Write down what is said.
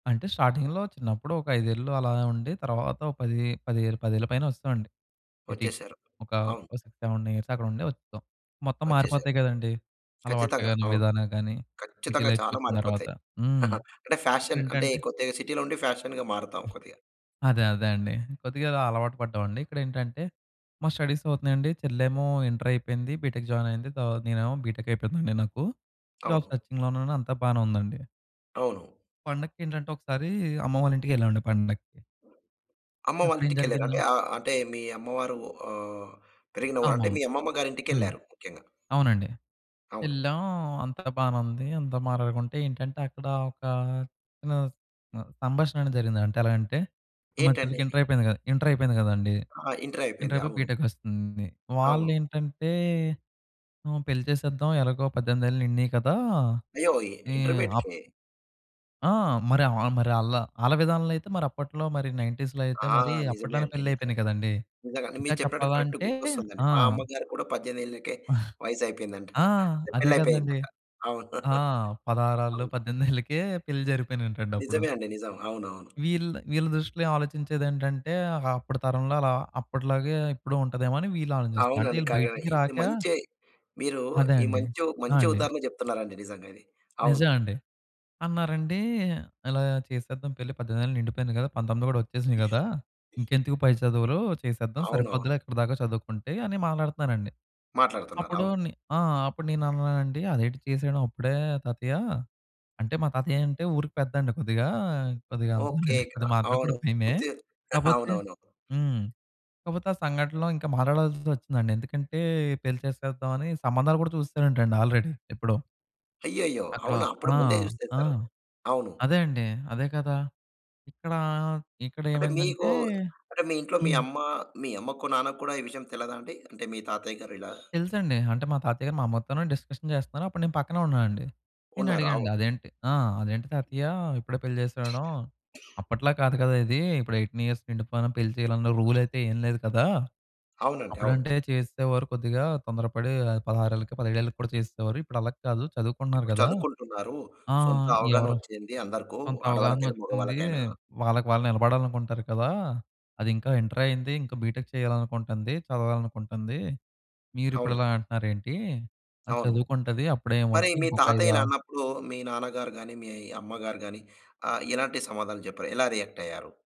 అంటే స్టార్టింగ్‌లో చిన్నప్పుడు ఒక 5 ఏళ్ళు అలా ఉండి తర్వాత ఒక 10, పదే పదేళ్ల పైన వచ్చేసామండి సిటీకి. వచ్చేసారు. ఒక అవును. 6, 7 ఇయర్స్ అక్కడ ఉండి వచ్చేసాం. మొత్తం వచ్చేసారు. మారిపోతాయి కదండీ అలవాట్లు ఖచ్చితంగా గాని, అవును. విధానాలు గాని సిటీ ఖచ్చితంగా చాలా లైఫ్‌కొచ్చిన తర్వాత మారిపోతాయి. హ్మ్. అంటే ఫ్యాషన్ అంటే ఏంటంటే కొద్దిగా సిటీలో ఉండి ఫ్యాషన్‌గా మారతాం హ్మ్. కొద్దిగా. అదే. అదే. అండి! కొద్దిగా అలవాటు పడ్డామండి. ఇక్కడేంటంటే, మా స్టడీస్ అవుతున్నాయండి. చెల్లేమో ఇంటరయిపోయింది. బీటెక్ జాయిన్ అయింది. తర్వా నేనేమో బీటెక్ అయిపోయిందండి నాకు. జాబ్ అవును. సెర్చింగ్‌లో ఉన్నాను, అంతా బాగానే ఉందండి. అవును. పండగకేంటంటే, ఒకసారి అమ్మవాళ్ళ ఇంటికెళ్ళామండి పండక్కి. అమ్మవాళ్ళ అక్కడేం ఇంటికెళ్లారు జరిగిందా అంటే ఆహ్, అంటే మీ అమ్మవారు ఆహ్, పెరిగిన ఊరు అంటే అమ్మమ్మ. మీ అమ్మమ్మ గారి హ్మ్. ఇంటికెళ్లారు ముఖ్యంగా. అవునండి అవును. యెళ్ళాం. అంతా బానే ఉంది. అంతా మాట్లాడుకుంటే ఏంటంటే, అక్కడ ఒక చిన్న స్ ఆహ్, సంభాషణ అనేది జరిగింది. అంటే ఎలాగంటే, మా ఏంటండి చెల్లికి అది? ఇంటరపోయింది కదా! ఇంటరయిపోయింది కదండీ! ఆ! ఇంటరయిపోయింది. ఇంటరయిపోయి అవును. బీటెక్కొస్తుంది. అవును. వాళ్ళేంటంటే, పెళ్లి ఆహ్, చేసేద్దాం ఎలాగో 18 ఏళ్లు నిండినయి కదా! అయ్యో! ఈ అప్ ఇంటర్మీడియేట్‌కే? ఆ! మరి ఆహ్, ఆహ్, మరి ఆళ్ళm ఆళ్ళ విధానంలో అయితే మరి అప్పట్లో మరి 19స్‌లో అయితే ఆ! మరి నిజమే అప్పట్లోనే అండి. నిజమే, పెళ్లిళ్ళయిపోయినయి కదండీ! నిజంగా. అంటే ఇంకా మీరు చెప్పినట్టు కరెక్ట్‌గా చెప్పాలంటే గుర్తొస్తుందండి. ఆ! మా అమ్మగారికి కూడా 18 ఏళ్లకే ఆహ్ వయసయిపోయిందంట ఆ! అదే కదండీ. పెళ్లయిపోయిందంట. అవును. ఆ! పదహారేళ్ళు అవును. 18 ఏళ్లకే పెళ్లి జరిగిపోయినంటండి అప్పుడు. నిజమేఅండి. నిజం, అవునవును. వీళ్ వీళ్ళ దృష్టిలో ఆలోచించేదేంటంటే, అప్పటి తరంలో అలా అప్పటిలాగే ఇప్పుడు ఉంటాదేమోనని వీళ్ళు ఆలోచిస్తున్నారు. అంటే అవునండి. ఈళ్ళు కంగ్ర బయటికి ఇది రాక. మంచే, మీరు అదే ఈ అండి. మంచి, ఆ! మంచి అండి. ఉదాహరణ చెప్తున్నారండి నిజంగా ఇది. అవును. నిజం అండి, అన్నారండి, "ఇలా చేసేద్దాం పెళ్లి, 18 ఏళ్లు నిండిపోయింది కదా, 19 కూడా వచ్చేసినయి కదా! ఇంకెందుకు పై చదువులు చేసేద్దాం అవునవును. సరిపోద్దిలే ఇక్కడి దాకా చదువుకుంటే," అని మాట్లాడుతున్నారండి. మాట్లాడుతున్నారు. అప్పుడు అవును. నే ఆ! అప్పుడు నేను అన్నానండి, అదేంటి చేసేడం అప్పుడే తాతయ్య అంటే, మా తాతయ్య అంటే ఊరికి పెద్దండి. కొద్దిగా కొద్దిగా ఓకే. అందుకేనండి క కొద్దిగా మాట్లాడేప్పుడు అవును, కూడా భయమే! కొద్దిగ కాపోతే, అవునవును. హ్మ్. కాపోతే ఆ సంఘటనలో ఇంకా మాట్లాడాల్సొచ్చిందండి. ఎందుకంటే, పెళ్లి చేసేద్దాం అని సంబంధాలు కూడా చూసేసారంటండి ఆల్‌రెడీ ఎప్పుడో. అయ్యయ్యో! అక్కడ అవునా! అప్పుడు ఆ! ముందే ఆ! చూసేసారు. అవును. అదే అండి, అదే కదా! ఇక్కడా, అంటే ఇక్కడేమైందంటే మీకు, అంటే మీ ఇంట్లో మీ హ్మ్. అమ్మ మీ అమ్మకు నాన్నకు కూడా ఈ విషయం తెలియదాండి? అంటే మీ తాతయ్య గారు ఇలా తెలుసండి. అంటే, మా తాతయ్య గారు మా అమ్మతోనే డిస్కషన్ చేస్తున్నారు. అప్పుడు నేను పక్కనే ఉన్నానండి. నేను ఉన్నారు. అవును. అడిగానండి అదేంటి ఆ! అదేంటి తాతయ్య, ఇప్పుడే పెళ్లి చేసేడం అప్పట్లా కాదు కదా! ఇది ఇప్పుడు 18 ఇయర్స్ నిండిపోయిన పెళ్లి చేయాలన్న రూల్ అయితే ఏమి లేదు కదా! అవునండి, అవును. అప్పుడంటే చేసేసేవారు కొద్దిగా తొందరపడి 16 ఏళ్ళకి , 17 ఏళ్ళకి కూడా చేసేసేవారు. ఇప్పుడు అలా కాదు చదువుకుంటున్నారు ఇప్పుడు కదా! చదువుకుంటున్నారు. ఆ! సొంత అవగాహన ఎవరు వచ్చింది అందరకు. కొంత అవగాహన ఆడవాళ్ళకైనా, వచ్చింది. మగవాళ్ళకైనా. వాళ్ళకి వాళ్ళు నిలబడాలనుకుంటారు కదా! అదింకా ఇంటరే అయింది. ఇంకా బీటెక్ చేయాలనుకుంటంది. చదవాలనుకుంటుంది. మీరిప్పుడు అవును. ఇలా అంటున్నారేంటి అది అవును. చదువుకుంటది. అప్పుడే మరి ఏమొద్దు మీ ఇంకొక తాతయ్య ఇలా ఐదా అన్నప్పుడు మీ నాన్నగారు గాని, మీ అమ్మగారు గాని, ఆహ్, ఎలాంటి సమాధానం చెప్పారు, ఎలా రియాక్టయ్యారు?